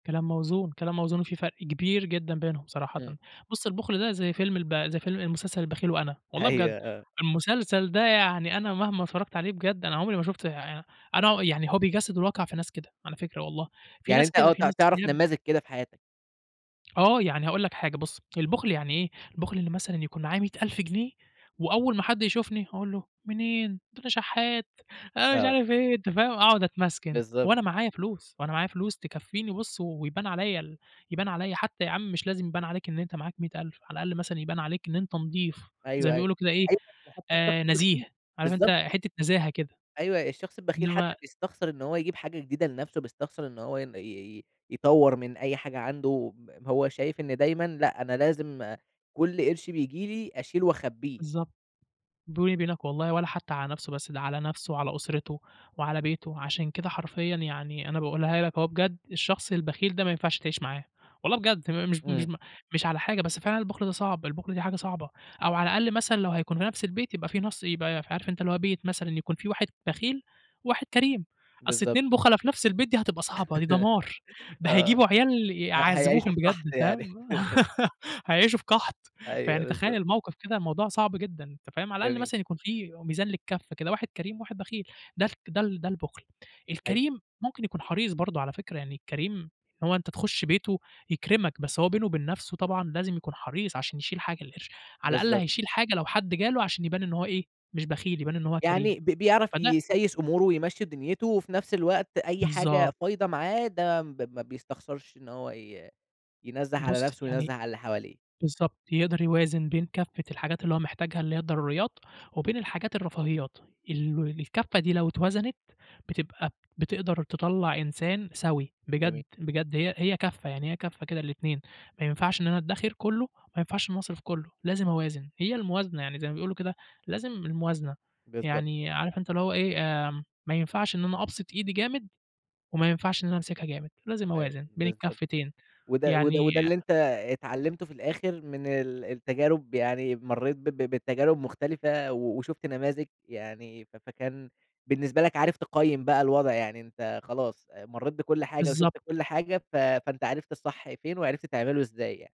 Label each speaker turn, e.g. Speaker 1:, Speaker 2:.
Speaker 1: كلام موزون، كلام موزون، وفي فرق كبير جدًا بينهم صراحةً.
Speaker 2: إمم.
Speaker 1: بُص، البُخل ده زي فيلم الب زي فيلم مسلسل البخيل وأنا، والله بجد.
Speaker 2: أيوه، آه.
Speaker 1: المسلسل ده يعني أنا مهما اتفرّجت عليه بجد أنا عمري ما شُفتش [unintelligible] أنا ع يعني هو بيجسّد الواقع في ناس كده على فكرة والله. في
Speaker 2: يعني
Speaker 1: ناس
Speaker 2: أنت
Speaker 1: كده،
Speaker 2: آه،
Speaker 1: في
Speaker 2: تع
Speaker 1: ناس
Speaker 2: تعرف
Speaker 1: [unintelligible]
Speaker 2: نماذج كده في حياتك.
Speaker 1: آه. يعني هاقول لَك حاجة بُص، البُخل يعني إيه؟ البُخل إن مثلًا يكون معاه 100.000 جنيه، وأول ما حد يشوفني أقول له منين، ده أنا شحّات، أنا مش
Speaker 2: آه.
Speaker 1: عارِف إيه، أنت فاهم؟ أقعد أتمسكن
Speaker 2: بالضبط.
Speaker 1: وأنا معايا فلوس، وأنا معايا فلوس تكفّيني بُص، ويبان عليّا ال يبان عليّا حتّى يا عم مش لازم يبان عليك إن أنت معاك 100.000 على الأقَل مثلًا يبان عليك إن أنت نضيف. زي
Speaker 2: أيوه،
Speaker 1: ما
Speaker 2: أيوه.
Speaker 1: بيقولوا كده إيه
Speaker 2: أيوه ده حتّى
Speaker 1: آآ
Speaker 2: الشخص
Speaker 1: نزيه.
Speaker 2: البخيل،
Speaker 1: عارف أنت
Speaker 2: بالضبط.
Speaker 1: حتّة نزاهة كده.
Speaker 2: أيوه. الشخص البخيل حتّى
Speaker 1: إنّما
Speaker 2: بيستخسر إن هو يجيب حاجة جديدة لنفسه، بيستخسر إن هو ين ي ي يطوَّر من أي حاجة عنده ب هو شايِف إن دايمًا لأ، أنا لازم كل قِرش بييجي لي، أشيله وأخبّيه.
Speaker 1: بالضبط. بيني وبينَك والله ولا حتّى على نفسه بس، ده على نفسه وعلى أسرته وعلى بيته. عشان كده حرفيًا يعني أنا باقولها لك أهو بجد، الشخص البخيل ده ما ينفعش تعيش معاه والله بجد. تم مش ب مش
Speaker 2: إمم.
Speaker 1: ب مش على حاجة، بس فعلًا البُخل ده صعب، البُخل ده حاجة صعبة. أو على الأقل مثلًا لو هيكون في نفس البيت يبقى فيه نُص يبقى عارف أنت اللي هو بيت مثلًا يكون فيه واحد بخيل وواحد كريم، أصل
Speaker 2: بالضبط.
Speaker 1: اتنين بُخلا في نفس البيت دي هتبقى صعبة، دي دمار. ده
Speaker 2: آه.
Speaker 1: هيجيبوا عيال
Speaker 2: ه هيعيشوا
Speaker 1: يعذّبوهم
Speaker 2: في
Speaker 1: بجد
Speaker 2: قَحْط
Speaker 1: فاهم؟
Speaker 2: يعني.
Speaker 1: هيعيشوا في قَحْط.
Speaker 2: أيوه،
Speaker 1: فيعني تخيَّل
Speaker 2: بالضبط.
Speaker 1: الموقف كده، الموضوع صعب جدًا، أنت فاهم؟ على الأقل
Speaker 2: جميل.
Speaker 1: مثلًا يكون فيه ميزان للكف كده، واحد كريم وواحد بخيل. ده خ ده ال ده البُخل.
Speaker 2: أيوه.
Speaker 1: الكريم ممكن يكون حريص برضه على فكرة. يعني الكريم هو أنت تخُش بيته يكرمك، بس هو بينه وبين نفسه طبعًا لازم يكون حريص عشان يشيل حاجة القرش، على الأقل
Speaker 2: بالضبط.
Speaker 1: هيشيل حاجة لو حد جاله، عشان يبان إن هو إيه، مش بخيل، يبان إن هو كريم.
Speaker 2: يعني ب بيعرف
Speaker 1: فده
Speaker 2: يسايس أموره ويمشّي دنيتُه وفي نفس الوقت أي حاجة
Speaker 1: بالضبط.
Speaker 2: فايضة معاه ده ما ب ما بيستخسرش إن هو ي ينزّه على
Speaker 1: بُص،
Speaker 2: نفسه وينزّه
Speaker 1: يعني
Speaker 2: على اللي حواليه.
Speaker 1: بالضبط. يقدر يوازن بين كفّة الحاجات اللي هو محتاجها، اللي هي الضروريات، وبين الحاجات الرفاهيات. ال ول الكفّة دي لو اتوزنت، بتبقى بتقدر تطلّع إنسان سوي. بجد،
Speaker 2: جميل.
Speaker 1: بجد هي هي كفّة، يعني هي كفّة كده للاتنين، ما ينفعش إن أنا أدّخِر كُلّه، وما ينفعش إن أنا أصرف كُلّه، لازم أوازن. هي الموازنة، يعني زي ما بيقولوا كده لازم الموازنة.
Speaker 2: بالضبط.
Speaker 1: يعني عارف أنت اللي هو إيه، آمم ما ينفعش إن أنا أبسط إيدي جامد، وما ينفعش إن أنا أمسكها جامد، لازم
Speaker 2: أيوه،
Speaker 1: أوازن بين
Speaker 2: بالضبط كده.
Speaker 1: الكفّتين.
Speaker 2: وده وده
Speaker 1: يعني
Speaker 2: وده اللي أنت اتعلّمته في الآخر من ال التجارب، يعني مرّيت ب ب بتجارب مختلفة و وشُفت نماذج يعني ف فكان بالنسبة لك عارف تقيِّم بقى الوضع. يعني أنت خلاص أ مرّيت بكُل حاجة
Speaker 1: بالضبط.
Speaker 2: وشُفت كُل حاجة، ف فأنت عرفت الصح فين وعرفت تعمله إزاي يعني.